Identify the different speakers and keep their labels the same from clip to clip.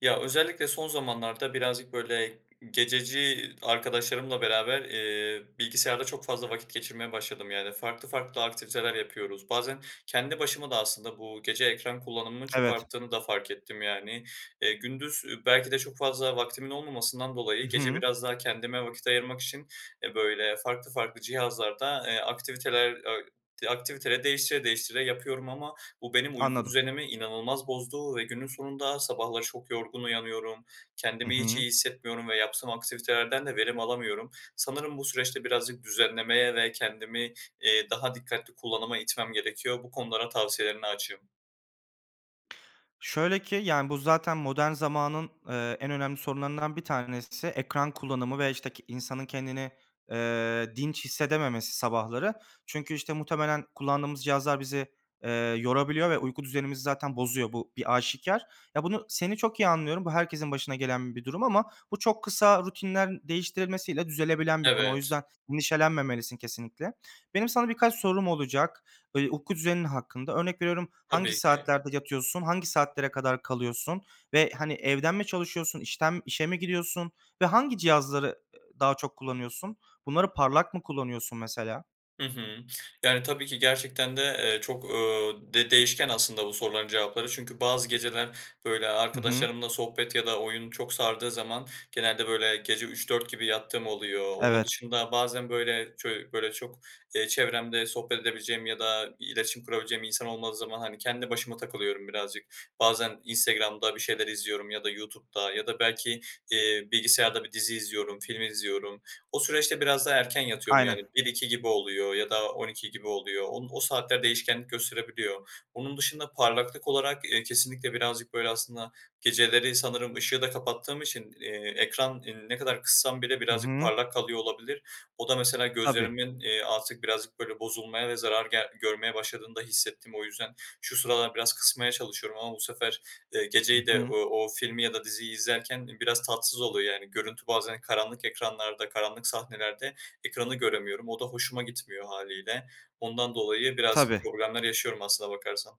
Speaker 1: Ya özellikle son zamanlarda birazcık böyle gececi arkadaşlarımla beraber, eee, bilgisayarda çok fazla vakit geçirmeye başladım. Yani farklı farklı aktiviteler yapıyoruz. Bazen kendi başıma da aslında bu gece ekran kullanımının çok
Speaker 2: Evet.
Speaker 1: arttığını da fark ettim yani, eee. Gündüz belki de çok fazla vaktimin olmamasından
Speaker 2: I
Speaker 1: dolayı gece
Speaker 2: hı.
Speaker 1: biraz daha kendime vakit ayırmak için, eee, böyle farklı farklı cihazlarda, eee, aktiviteler, eee, ak aktiviteleri değiştire değiştire yapıyorum ama bu benim uyku
Speaker 2: Anladım.
Speaker 1: düzenimi inanılmaz bozdu ve günün sonunda sabahları çok yorgun uyanıyorum.
Speaker 2: Hı
Speaker 1: Kendimi hiç iyi
Speaker 2: hı.
Speaker 1: hissetmiyorum ve yaptığım aktivitelerden de verim alamıyorum. Sanırım bu süreçte birazcık düzenlemeye ve kendimi, iii, daha dikkatli kullanıma itmem gerekiyor. Bu konulara tavsiyelerine açığım.
Speaker 2: Şöyle ki yani bu zaten modern zamanın, ııı, en önemli sorunlarından bir tanesi ekran kullanımı ve işte ke insanın kendini, eee, dinç hissedememesi sabahları çünkü işte muhtemelen kullandığımız cihazlar bizi, eee, yorabiliyor ve uyku düzenimizi zaten bozuyor. Bu bir aşikâr. Ya bunu seni çok iyi anlıyorum. Bu herkesin başına gelen bir durum ama bu çok kısa rutinlen değiştirilmesiyle düzelebilen bir konu. O
Speaker 1: Evet.
Speaker 2: yüzden endişelenmemelisin kesinlikle. Benim sana birkaç sorum olacak, böyle uyku düzenin hakkında örnek veriyorum. Hangi
Speaker 1: Tabii ki.
Speaker 2: saatlerde yatıyorsun? Hangi saatlere kadar kalıyorsun ve hani evden mi çalışıyorsun? İşten işe mi gidiyorsun? Ve hangi cihazları, ııı, daha çok kullanıyorsun? Bunları parlak mı kullanıyorsun mesela?
Speaker 1: Hı hı. Yani, tabii ki gerçekten de, eee, çok, ııı, de değişken aslında bu soruların cevapları. Çünkü bazı geceler, böyle,
Speaker 2: Hı hı.
Speaker 1: arkadaşlarımla sohbet ya da oyun çok sardığı zaman, genelde, böyle, gece 03.00-04.00 gibi yattığım oluyor. Onun
Speaker 2: Evet.
Speaker 1: dışında bazen böyle ço böyle çok, eee, çevremde sohbet edebileceğim ya da iletişim kurabileceğim insan olmadığı zaman hani kendi başıma takılıyorum birazcık. Bazen Instagram'da bir şeyler izliyorum ya da YouTube'da ya da belki, eee, bilgisayarda bir dizi izliyorum, film izliyorum. O süreçte biraz daha erken yatıyorum yani
Speaker 2: Aynen.
Speaker 1: 01.00-02.00 gibi oluyor ya da 12.00 gibi oluyor. O o saatler değişkenlik gösterebiliyor. Onun dışında parlaklık olarak, eee, kesinlikle birazcık, böyle aslında, geceleri sanırım ışığı da kapattığım için, eee, ekranı ne kadar kıssam bile
Speaker 2: Hı
Speaker 1: birazcık
Speaker 2: hı.
Speaker 1: parlak kalıyor olabilir. O da mesela
Speaker 2: Tabii.
Speaker 1: gözlerimin, eee, artık birazcık böyle bozulmaya ve zarar gel görmeye başladığını da hissettim o yüzden. Şu sıralar biraz kısmaya çalışıyorum ama bu sefer, eee,
Speaker 2: Hı
Speaker 1: geceyi de
Speaker 2: hı.
Speaker 1: o o filmi ya da diziyi izlerken biraz tatsız oluyor, yani, görüntü bazen karanlık ekranlarda karanlık sahnelerde ekranı göremiyorum. O da hoşuma gitmiyor hâliyle. Ondan dolayı birazcık
Speaker 2: Tabii.
Speaker 1: problemler yaşıyorum aslına bakarsan.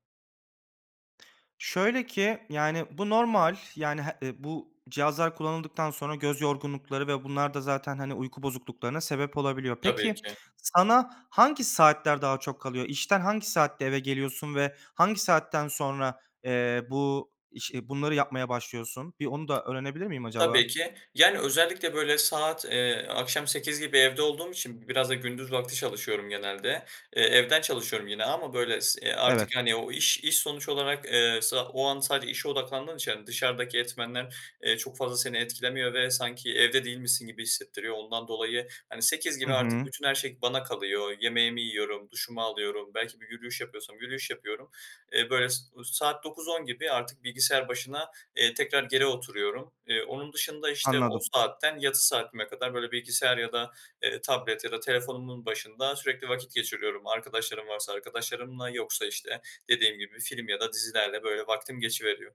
Speaker 2: Şöyle ki, yani, bu normal, yani, he, ı bu cihazlar kullanıldıktan sonra göz yorgunlukları ve bunlar da zaten, hani, uyku bozukluklarına sebep olabiliyor.
Speaker 1: Tabii
Speaker 2: Peki
Speaker 1: ki.
Speaker 2: sana hangi saatler daha çok kalıyor? İşten hangi saatte eve geliyorsun ve hangi saatten sonra, eee, bu iş iii, bunları yapmaya başlıyorsun? Bir onu da öğrenebilir miyim acaba?
Speaker 1: Tabii ki, yani, özellikle böyle saat, eee, akşam 20.00 gibi evde olduğum için b biraz da gündüz vakti çalışıyorum genelde. Eee, evden çalışıyorum yine ama böyle s
Speaker 2: Evet.
Speaker 1: artık, yani, o iş iş sonuç olarak, eee, sa o an sadece işe odaklandığın için yani dışarıdaki etmenler, eee, çok fazla seni etkilemiyor ve sanki evde değilmişsin gibi hissettiriyor ondan dolayı, hani, 20.00
Speaker 2: Hı
Speaker 1: gibi artık
Speaker 2: hı.
Speaker 1: bütün her şey bana kalıyor yemeğimi yiyorum, duşumu alıyorum, belki bir yürüyüş yapıyorsam yürüyüş yapıyorum. Eee, böyle s u saat 21.00-22.00 gibi artık bilgisayar başına, eee, tekrar geri oturuyorum. Eee, onun dışında, işte, o
Speaker 2: Anladım.
Speaker 1: saatten, yatış saatime kadar böyle bilgisayar ya da, eee, tablet ya da telefonumun başında sürekli vakit geçiriyorum arkadaşlarım varsa arkadaşlarımla yoksa, işte, dediğim gibi film ya da dizilerle böyle vaktim geçiveriyor.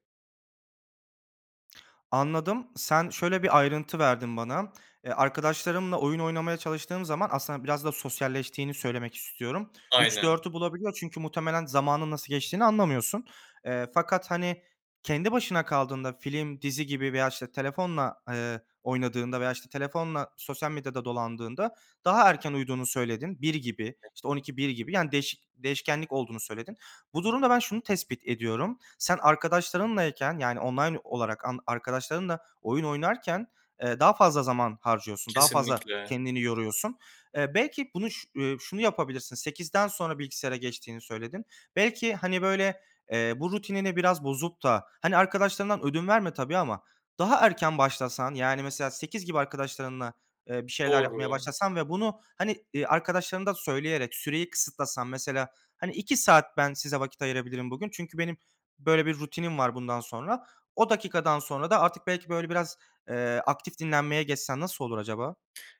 Speaker 2: Anladım. Sen şöyle bir ayrıntı verdin bana; eee, arkadaşlarımla oyun oynamaya çalıştığım zaman aslında biraz da sosyalleştiğini söylemek istiyorum üç
Speaker 1: Aynen.
Speaker 2: dört bulabiliyor. Çünkü muhtemelen zamanın nasıl geçtiğini anlamıyorsun. Eee, fakat, hani, kendi başına kaldığında, film, dizi gibi veya işte telefonla, eee, oynadığında veya işte telefonla sosyal medyada dolandığında daha erken uyuduğunu söyledin. 01.00 gibi,
Speaker 1: [unintelligible]
Speaker 2: işte 00.00-01.00 gibi. Yani değişik değişkenlik olduğunu söyledin. Bu durumda ben şunu tespit ediyorum. Sen arkadaşlarınlayken, yani online olarak ark arkadaşlarınla oyun oynarken, eee, daha fazla zaman harcıyorsun. Daha fazla
Speaker 1: Kesinlikle.
Speaker 2: kendini yoruyorsun. Eee, belki bunu şu ııı, şunu yapabilirsin. 20.00'den sonra bilgisayara geçtiğini söyledin. Belki, hani böyle, eee, bu rutinine biraz bozup da, hani, arkadaşlarından ödün verme tabii ama daha erken başlasan. Yani mesela 20.00 gibi arkadaşlarınla, eee, bir şeyler yapmaya
Speaker 1: Doğru.
Speaker 2: başlasan ve bunu, hani, arkadaşlarına da söyleyerek süreyi kısıtlasan mesela. Hani 2 saat ben size vakit ayırabilirim bugün. Çünkü benim böyle bir rutinim var. Bundan sonra o dakikadan sonra da artık belki böyle biraz, eee, aktif dinlenmeye geçsen nasıl olur acaba?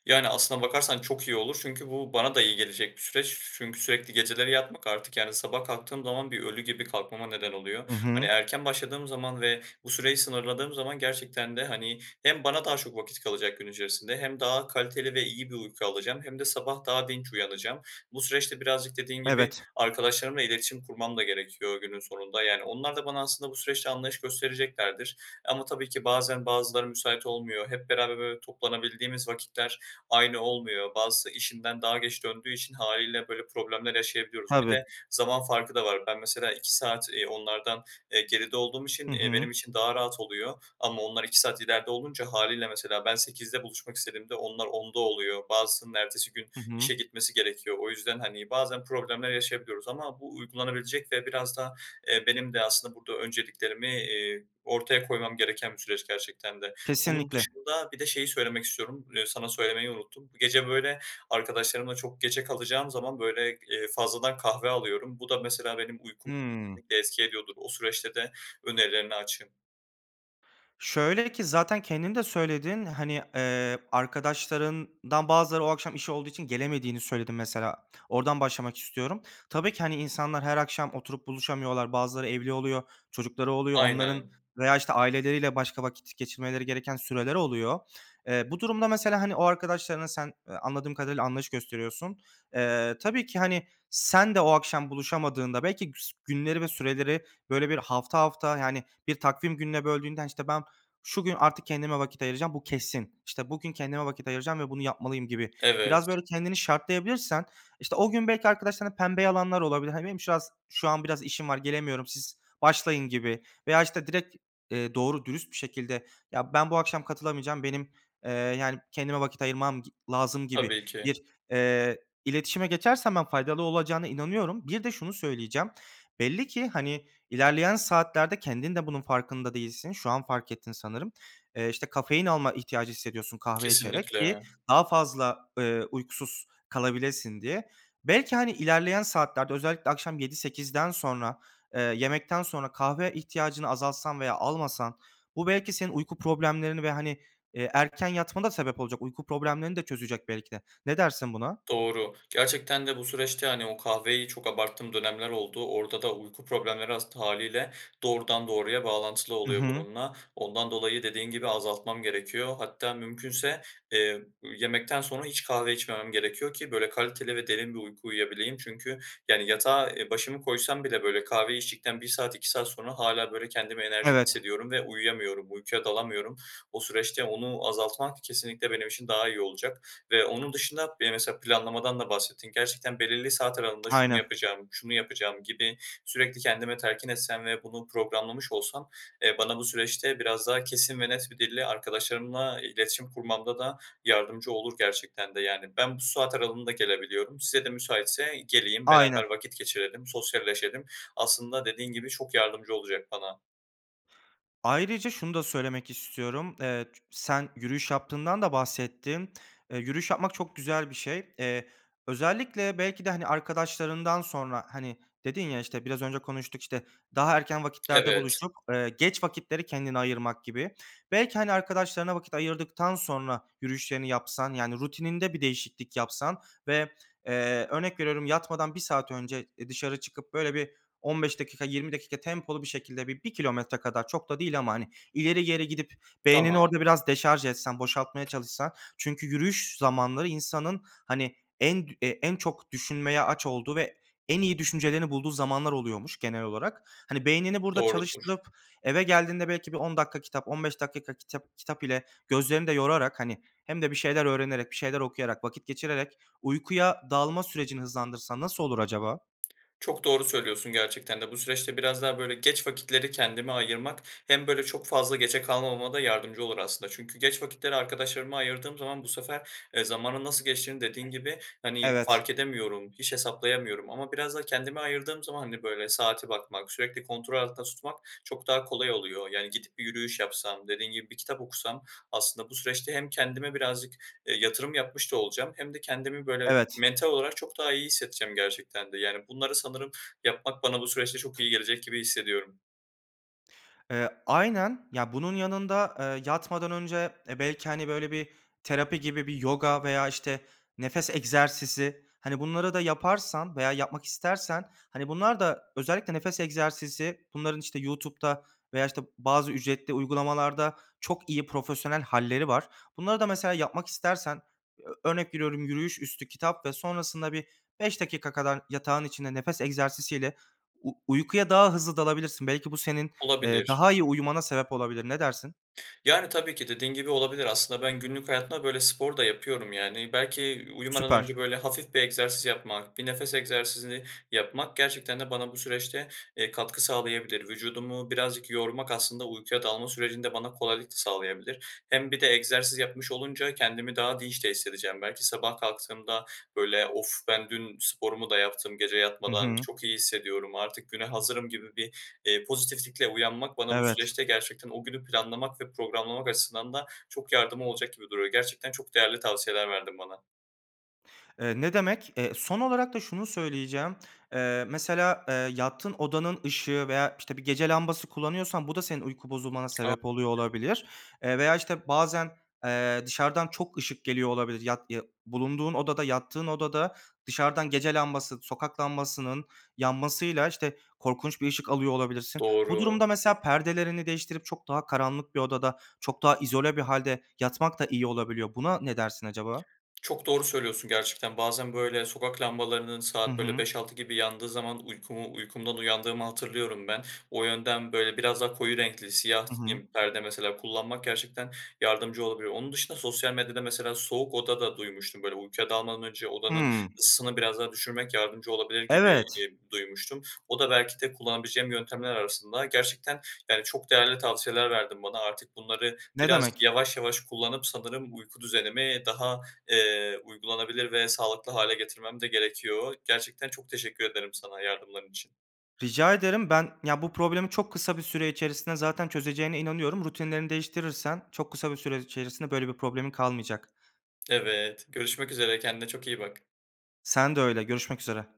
Speaker 1: Yani aslına bakarsan çok iyi olur; çünkü bu bana da iyi gelecek bir süreç. Çünkü sürekli geceleri yapmak artık Yani sabah kalktığım zaman bir ölü gibi kalkmama neden
Speaker 2: Hı
Speaker 1: oluyor. Hani,
Speaker 2: hı.
Speaker 1: erken başladığım zaman ve bu süreyi sınırladığım zaman gerçekten de, hani, hem bana daha çok vakit kalacak gün içerisinde, hem daha kaliteli ve iyi bir uyku alacağım, hem de sabah daha dinç uyanacağım. Bu süreçte birazcık dediğin gibi,
Speaker 2: Evet.
Speaker 1: arkadaşlarımla iletişim kurmam da gerekiyor günün sonunda. Yani onlar da bana aslında bu süreçte anlayış göstereceklerdir. Ama tabii ki bazen bazıları müsait olmuyor, hep beraber böyle toplanabildiğimiz vakitler aynı olmuyor, bazısı işinden daha geç döndüğü için, hâliyle böyle problemler yaşayabiliyoruz. Bir
Speaker 2: Tabii.
Speaker 1: de zaman farkı da var. Ben mesela 2 saat, eee, onlardan, eee, geride olduğum için,
Speaker 2: Hı
Speaker 1: eee,
Speaker 2: hı.
Speaker 1: benim için daha rahat oluyor. Ama onlar 2 saat ileride olunca, hâliyle mesela ben 20.00'de buluşmak istediğimde onlar 22.00'da oluyor, bazısının ertesi gün
Speaker 2: Hı hı.
Speaker 1: işe gitmesi gerekiyor. O yüzden, hani, bazen problemler yaşayabiliyoruz. Ama bu uygulanabilecek ve biraz da, eee, benim de aslında burada önceliklerimi, iii, ortaya koymam gereken bir süreç gerçekten de. Onun
Speaker 2: Kesinlikle.
Speaker 1: dışında bir de şeyi söylemek istiyorum, eee, sana söylemeyi unuttum. Gece böyle arkadaşlarımla çok geçe kalacağım zaman böyle, eee, fazladan kahve alıyorum. Bu da mesela benim uykum
Speaker 2: Hımm.
Speaker 1: [unintelligible] etki ediyordur. O süreçte de önerilerine açığım.
Speaker 2: Şöyle ki zaten kendin de söyledin. Hani, eee, arkadaşlarından bazıları o akşam işi olduğu için gelemediğini söyledin mesela. Oradan başlamak istiyorum. Tabii ki, hani, insanlar her akşam oturup buluşamıyorlar. Bazıları evli oluyor, çocukları oluyor. Onların
Speaker 1: Aynen.
Speaker 2: veya, işte, aileleriyle başka vakit geçirmeleri gereken süreler oluyor. Eee, bu durumda mesela hani o arkadaşlarına sen, eee, anladığım kadarıyla anlayış gösteriyorsun. Eee, tabii ki hani sen de o akşam buluşamadığında belki güs günleri ve süreleri böyle bir hafta hafta, yani, bir takvim gününe böldüğünde işte ben şu gün artık kendime vakit ayıracağım bu kesin. İşte bugün kendime vakit ayıracağım ve bunu yapmalıyım gibi biraz
Speaker 1: Evet.
Speaker 2: böyle kendini şartlayabilirsen işte o gün belki arkadaşlarına pembe yalanlar olabilir. Hani benim şıraz şu an biraz işim var, gelemiyorum siz başlayın gibi. Veya işte direkt, eee, doğru dürüst bir şekilde, ya, ben bu akşam katılamayacağım. Benim, eee, yani, kendime vakit ayırmam gi lazım gibi
Speaker 1: Tabii ki.
Speaker 2: bir, eee, iletişime geçersen ben faydalı olacağına inanıyorum. Bir de şunu söyleyeceğim. Belli ki, hani, ilerleyen saatlerde kendin de bunun farkında değilsin. Şu an fark ettin sanırım. Eee, işte, kafein alma ihtiyacı hissediyorsun kahve içerek ki
Speaker 1: Kesinlikle.
Speaker 2: daha fazla, eee, uykusuz kalabilesin diye. Belki, hani, ilerleyen saatlerde özellikle akşam yedi sekizden sonra, eee, yemekten sonra kahve ihtiyacını azaltsan veya almasan bu belki senin uyku problemlerini ve, hani, eee, erken yatmana da sebep olacak uyku problemlerini de çözecek belki de. Ne dersin buna?
Speaker 1: Doğru, gerçekten de bu süreçte, hani, o kahveyi çok abarttığım dönemler oldu, orada da uyku problemleri ast hâliyle doğrudan doğruya bağlantılı
Speaker 2: Hı
Speaker 1: oluyor
Speaker 2: hı.
Speaker 1: bununla. Ondan dolayı dediğin gibi azaltmam gerekiyor. Hatta mümkünse, eee, yemekten sonra hiç kahve içmemem gerekiyor ki böyle kaliteli ve derin bir uyku uyuyabileyim. Çünkü yani yatağa, eee, başımı koysam bile böyle kahve içtikten 1 saat 2 saat sonra hâlâ böyle kendimi enerjik
Speaker 2: Evet.
Speaker 1: hissediyorum ve uyuyamıyorum, uykuya dalamıyorum. O süreçte onu azaltmak kesinlikle benim için daha iyi olacak ve onun dışında bir de mesela planlamadan da bahsettin gerçekten belirli saat aralığında şunu
Speaker 2: Aynen.
Speaker 1: yapacağım, şunu yapacağım gibi sürekli kendime telkin etsem ve bunu programlamış olsam, eee, bana bu süreçte biraz daha kesin ve net bir dille arkadaşlarımla iletişim kurmamda da yardımcı olur gerçekten de. Yani ben bu saat aralığında gelebiliyorum, size de müsaitse geleyim beraber
Speaker 2: Aynen.
Speaker 1: vakit geçirelim, sosyalleşelim, aslında dediğin gibi çok yardımcı olacak bana.
Speaker 2: Ayrıca şunu da söylemek istiyorum: Eee, ç sen yürüyüş yaptığından da bahsettin. E, yürüyüş yapmak çok güzel bir şey. Eee, özellikle belki de hani, arkadaşlarından sonra, hani, dedin ya: "İşte, biraz önce konuştuk, işte, daha erken vakitlerde
Speaker 1: Evet.
Speaker 2: buluştuk." Eee, geç vakitleri kendine ayırmak gibi belki, hani, arkadaşlarına vakit ayırdıktan sonra yürüyüşlerini yapsan, yani rutininde bir değişiklik yapsan ve eee, örnek veriyorum, yatmadan 1 saat önce, eee, dışarı çıkıp böyle bir 15 dakika, 20 dakika tempolu bir şekilde bi bir kilometre kadar çok da değil ama hani, ileri geri gidip beynini
Speaker 1: Tamam.
Speaker 2: orada biraz deşarj etsen, boşaltmaya çalışsan çünkü yürüyüş zamanları insanın, hani, en dü en çok düşünmeye aç olduğu ve en iyi düşüncelerini bulduğu zamanlar oluyormuş genel olarak. Hani, beynini burada
Speaker 1: Doğrudur.
Speaker 2: çalıştırıp eve geldiğinde belki bir 10 dakika kitap, 15 dakika ka kitap kitap ile gözlerini de yorarak, hani, hem de bir şeyler öğrenerek, bir şeyler okuyarak, vakit geçirerek uykuya dalma sürecini hızlandırsan nasıl olur acaba?
Speaker 1: Çok doğru söylüyorsun gerçekten de. Bu süreçte biraz daha böyle geç vakitleri kendime ayırmak hem böyle çok fazla geçe kalmamama da yardımcı olur aslında. Çünkü geç vakitleri arkadaşlarıma ayırdığım zaman bu sefer, eee, zamanın nasıl geçtiğini, dediğin gibi, hani,
Speaker 2: Evet.
Speaker 1: fark edemiyorum, hiç hesaplayamıyorum ama biraz da kendime ayırdığım zaman, hani, böyle saate bakmak, sürekli kontrol altında tutmak çok daha kolay oluyor. Yani gidip bir yürüyüş yapsam, dediğin gibi, bir kitap okusam aslında bu süreçte hem kendime birazcık, eee, yatırım yapmış da olacağım hem de kendimi böyle
Speaker 2: Evet.
Speaker 1: mental olarak çok daha iyi hissedeceğim gerçekten de. Yani bunları sanırım yapmak bana bu süreçte çok iyi gelecek gibi hissediyorum.
Speaker 2: Eee, aynen. Ya, bunun yanında, eee, yatmadan önce, eee, belki, hani, böyle, bir terapi gibi, bir yoga veya, işte, nefes egzersizi... Hani, bunları da yaparsan veya yapmak istersen, hani, bunlar da özellikle nefes egzersizi, bunların, işte, YouTube'da veya, işte, bazı ücretli uygulamalarda çok iyi, profesyonel hâlleri var. Bunları da mesela yapmak istersen, ö örnek veriyorum, yürüyüş üstü kitap ve sonrasında bir 5 dakika kadar yatağın içinde nefes egzersizi ile uy uykuya daha hızlı dalabilirsin. Belki bu, senin, eee,
Speaker 1: Olabilir.
Speaker 2: daha iyi uyumana sebep olabilir. Ne dersin?
Speaker 1: Yani, tabii ki, dediğin gibi olabilir. Aslında ben günlük hayatımda, böyle, spor da yapıyorum yani. Belki, ııı, uyumadan
Speaker 2: Süper.
Speaker 1: önce böyle, hafif bir egzersiz yapmak, bir nefes egzersizini yapmak gerçekten de bana bu süreçte, eee, katkı sağlayabilir. Vücudumu birazcık yormak, aslında uykuya dalma sürecinde bana kolaylık da sağlayabilir. Hem bir de egzersiz yapmış olunca kendimi daha dinç de hissedeceğim belki. Sabah kalktığımda böyle, "Of! Ben dün sporumu da yaptım gece
Speaker 2: Hı
Speaker 1: yatmadan.
Speaker 2: hı.
Speaker 1: Çok iyi hissediyorum. Artık güne hazırım." gibi bir, eee, pozitiflikle uyanmak, bana bu
Speaker 2: Evet.
Speaker 1: süreçte gerçekten o günü planlamak ve programlamak açısından da çok yardımı olacak gibi duruyor. Gerçekten çok değerli tavsiyeler verdin bana.
Speaker 2: Eee, ne demek. Eee, son olarak da şunu söyleyeceğim, eee, mesela, eee, yattığın odanın ışığı veya, işte, bir gece lambası kullanıyorsan, bu da senin uyku bozulmana
Speaker 1: A
Speaker 2: sebep oluyor olabilir. Eee, veya, işte, bazen, eee, dışarıdan çok ışık geliyor olabilir. Yat ya bulunduğun odada, yattığın odada dışarıdan gece lambası, sokak lambasının yanmasıyla, işte, korkunç bir ışık alıyor olabilirsin. Bu
Speaker 1: Doğru.
Speaker 2: durumda mesela perdelerini değiştirip çok daha karanlık bir odada, çok daha izole bir hâlde yatmak da iyi olabiliyor. Buna ne dersin acaba?
Speaker 1: Çok doğru söylüyorsun gerçekten, bazen, böyle, sokak lambalarının
Speaker 2: Hı
Speaker 1: saat böyle
Speaker 2: hı.
Speaker 1: 5-6 gibi yandığı zaman uykumu uykumdan uyandığımı hatırlıyorum ben. O yönden, böyle, biraz daha koyu renkli siyah
Speaker 2: Hı hı.
Speaker 1: [unintelligible] perde mesela kullanmak gerçekten yardımcı olabiliyor. Onun dışında sosyal medyada mesela soğuk oda da duymuştum; böyle, uykuya dalmadan önce odanın
Speaker 2: Hıı.
Speaker 1: ısısını biraz daha düşürmek yardımcı olabilir gibi,
Speaker 2: Evet.
Speaker 1: ııı, duymuştum. O da belki de kullanabileceğim yöntemler arasında. Gerçekten, yani, çok değerli tavsiyeler verdin bana. Artık bunları
Speaker 2: Ne
Speaker 1: biraz
Speaker 2: demek.
Speaker 1: yavaş yavaş kullanıp, sanırım uyku düzenimi daha, eee, uygulanabilir ve sağlıklı hale getirmem de gerekiyor. Gerçekten çok teşekkür ederim sana yardımların için.
Speaker 2: Rica ederim. Ben ya, bu problemi çok kısa bir süre içerisinde zaten çözeceğine inanıyorum. Rutinlerini değiştirirsen, çok kısa bir süre içerisinde böyle bir problemin kalmayacak.
Speaker 1: Evet, görüşmek üzere, kendine çok iyi bak.
Speaker 2: Sen de öyle, görüşmek üzere.